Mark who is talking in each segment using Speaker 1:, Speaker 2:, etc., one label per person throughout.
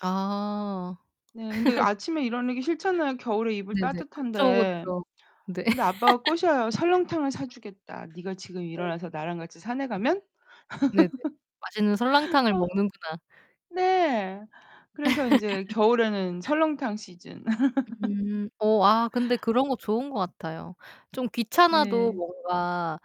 Speaker 1: 아.
Speaker 2: 네, 근데 아침에 일어나기 싫잖아요 겨울에 이불
Speaker 1: 네네. 그쵸,
Speaker 2: 따뜻한데.
Speaker 1: 그쵸. 네.
Speaker 2: 근데 아빠가 꼬셔요. "설렁탕을 사 주겠다. 네가 지금
Speaker 1: 네.
Speaker 2: 일어나서 나랑 같이 산에 가면."
Speaker 1: 네네. 맛있는 설렁탕을
Speaker 2: 어.
Speaker 1: 먹는구나.
Speaker 2: 네. 그래서 인제 겨울에는 설렁탕 시즌.
Speaker 1: 음 어 아 근데 그런 거 좋은 것 같아요. 좀 귀찮아도
Speaker 2: 네.
Speaker 1: 뭔가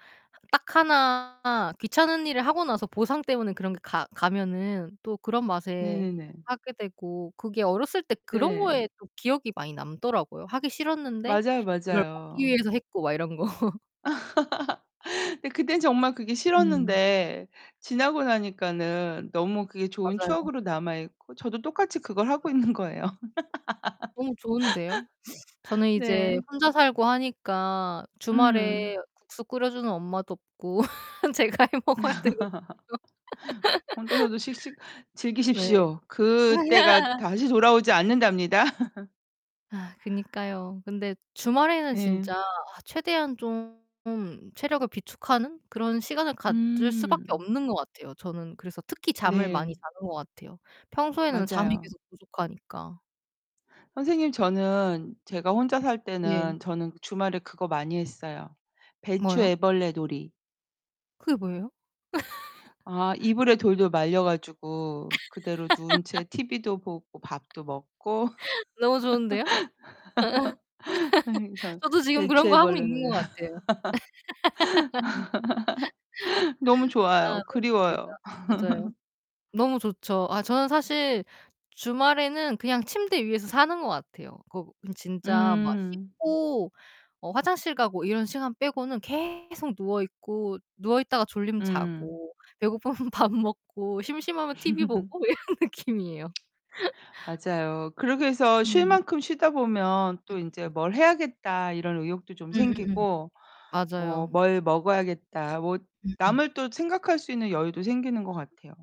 Speaker 1: 딱 하나 귀찮은 일을 하고 나서 보상 때문에 그런 게 가 가면은 또 그런 맛에
Speaker 2: 네네네.
Speaker 1: 하게 되고 그게 어렸을 때 그런
Speaker 2: 네.
Speaker 1: 거에 또 기억이 많이 남더라고요. 하기 싫었는데
Speaker 2: 맞아요,
Speaker 1: 이걸 먹기
Speaker 2: 맞아요.
Speaker 1: 위해서 했고 막 이런 거.
Speaker 2: 예 그땐 정말 그게
Speaker 1: 음.
Speaker 2: 싫었는데 지나고 나니까는 너무 그게 좋은
Speaker 1: 맞아요.
Speaker 2: 추억으로 남아 있고 저도 똑같이 그걸 하고
Speaker 1: 맞아요.
Speaker 2: 있는 거예요.
Speaker 1: 너무 좋은데요. 저는 이제
Speaker 2: 네.
Speaker 1: 혼자 살고 하니까
Speaker 2: 음.
Speaker 1: 주말에 국수 끓여 주는 엄마도 없고 제가 해 먹어야 되거든요.
Speaker 2: 혼자서도 씩씩
Speaker 1: 네.
Speaker 2: 즐기십시오. 그때가 다시 돌아오지 않는답니다.
Speaker 1: 아 그니까요. 근데 주말에는 진짜
Speaker 2: 예.
Speaker 1: 아 최대한 좀 체력을 비축하는 그런 시간을 가질 수밖에
Speaker 2: 음.
Speaker 1: 없는 것 같아요. 저는 그래서 특히 잠을 많이
Speaker 2: 네.
Speaker 1: 자는 것 같아요. 평소에는 잠이
Speaker 2: 맞아요.
Speaker 1: 계속 부족하니까.
Speaker 2: 선생님 저는 제가 혼자 살
Speaker 1: 네.
Speaker 2: 때는 저는 주말에 그거 많이 했어요. 배추
Speaker 1: 뭐요?
Speaker 2: 애벌레 놀이.
Speaker 1: 그게 뭐예요?
Speaker 2: 아, 이불에 돌돌 말려 가지고 그대로 누운 채 티비도 보고 밥도 먹고
Speaker 1: 너무 좋은데요.
Speaker 2: 아이 저
Speaker 1: 저도 지금
Speaker 2: 배추
Speaker 1: 그런 거 하고
Speaker 2: 애벌레
Speaker 1: 있는
Speaker 2: 놀라
Speaker 1: 것 같아요.
Speaker 2: 너무
Speaker 1: 아,
Speaker 2: 좋아요.
Speaker 1: 웃기다.
Speaker 2: 그리워요.
Speaker 1: 맞아요. 너무 좋죠. 아 저는 사실 주말에는 그냥 침대 위에서 사는 것 같아요. 그 진짜 막
Speaker 2: 음.
Speaker 1: 씻고 어 화장실 가고 이런 시간 빼고는 계속 누워 있고 누워 있다가 졸리면
Speaker 2: 음.
Speaker 1: 자고 배고프면 밥 먹고 심심하면 TV 보고 이런 느낌이에요.
Speaker 2: 맞아요. 그러기 위해서
Speaker 1: 음.
Speaker 2: 쉴만큼 쉬다 보면
Speaker 1: 음
Speaker 2: 또 인제
Speaker 1: 음.
Speaker 2: '뭘 해야겠다.' 이런 의욕도 좀
Speaker 1: 음음음.
Speaker 2: 생기고 뭐
Speaker 1: 맞아요.
Speaker 2: '뭘 먹어야겠다.' 뭐
Speaker 1: 음음.
Speaker 2: 남을 또 생각할 수 있는 여유도 생기는 것 같아요.